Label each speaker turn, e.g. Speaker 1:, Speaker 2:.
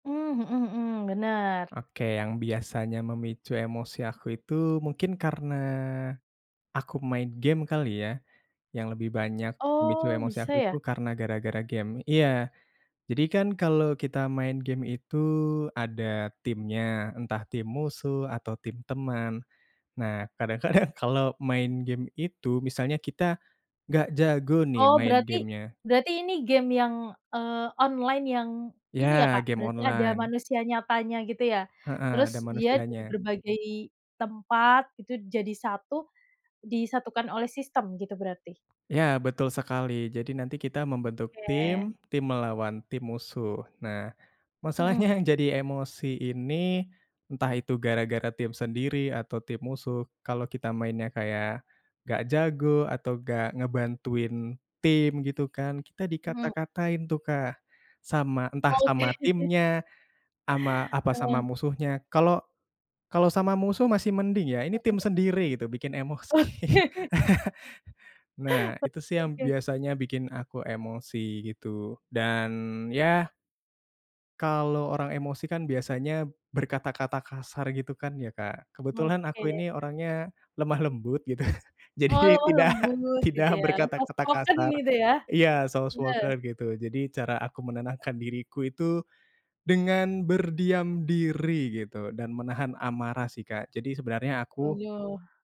Speaker 1: Mmm. Mhm mhm. Benar.
Speaker 2: Oke, yang biasanya memicu emosi aku itu mungkin karena aku main game kali ya, yang lebih banyak memicu
Speaker 1: Oh
Speaker 2: emosi aku
Speaker 1: bisa
Speaker 2: itu
Speaker 1: ya?
Speaker 2: karena gara-gara game, iya jadi kan kalo kita main game itu ada timnya, entah tim musuh atau tim teman. Nah kadang-kadang kalo main game itu, misalnya kita gak jago nih
Speaker 1: Oh
Speaker 2: main
Speaker 1: berarti
Speaker 2: game-nya.
Speaker 1: berarti ini game yang, eee, online yang ini ya,
Speaker 2: Ya
Speaker 1: Kak,
Speaker 2: game
Speaker 1: berarti ada
Speaker 2: online.
Speaker 1: manusia nyatanya gitu ya?
Speaker 2: Heeh,
Speaker 1: Terus
Speaker 2: ada
Speaker 1: dia dari
Speaker 2: manusianya.
Speaker 1: berbagai tempat gitu jadi satu disatukan oleh sistem gitu berarti?
Speaker 2: Ya betul sekali, jadi nanti kita membentuk
Speaker 1: Oke.
Speaker 2: tim tim melawan tim musuh. Nah masalahnya
Speaker 1: Mhm.
Speaker 2: yang jadi emosi ini entah itu gara-gara tim sendiri atau tim musuh, kalo kita mainnya kayak gak jago atau gak ngebantuin tim gitu kan, kita
Speaker 1: Mhm.
Speaker 2: dikata-katain tuh, Kak, sama entah
Speaker 1: Oke.
Speaker 2: sama timnya, sama apa sama
Speaker 1: Heeh.
Speaker 2: musuhnya, kalau kalau sama musuh masih mending ya, ini
Speaker 1: Mhm.
Speaker 2: tim sendiri gitu bikin emosi.
Speaker 1: Oke.
Speaker 2: Nah
Speaker 1: Oke
Speaker 2: itu sih yang
Speaker 1: oke.
Speaker 2: biasanya bikin aku emosi gitu. Dan ya kalau orang emosi kan biasanya berkata-kata kasar gitu kan ya, Kak. Kebetulan aku
Speaker 1: Oke.
Speaker 2: ini orangnya lemah lembut gitu.
Speaker 1: Heeh
Speaker 2: Jadi
Speaker 1: heeh
Speaker 2: tidak
Speaker 1: lembut
Speaker 2: tidak
Speaker 1: gitu ya. Soft
Speaker 2: berkata-kata
Speaker 1: spoken
Speaker 2: kasar,
Speaker 1: gitu ya?
Speaker 2: iya soft
Speaker 1: Bener.
Speaker 2: spoken gitu, jadi cara aku menenangkan diriku itu dengan berdiam diri gitu, dan menahan amarah sih, Kak, jadi sebenarnya aku
Speaker 1: Waduh.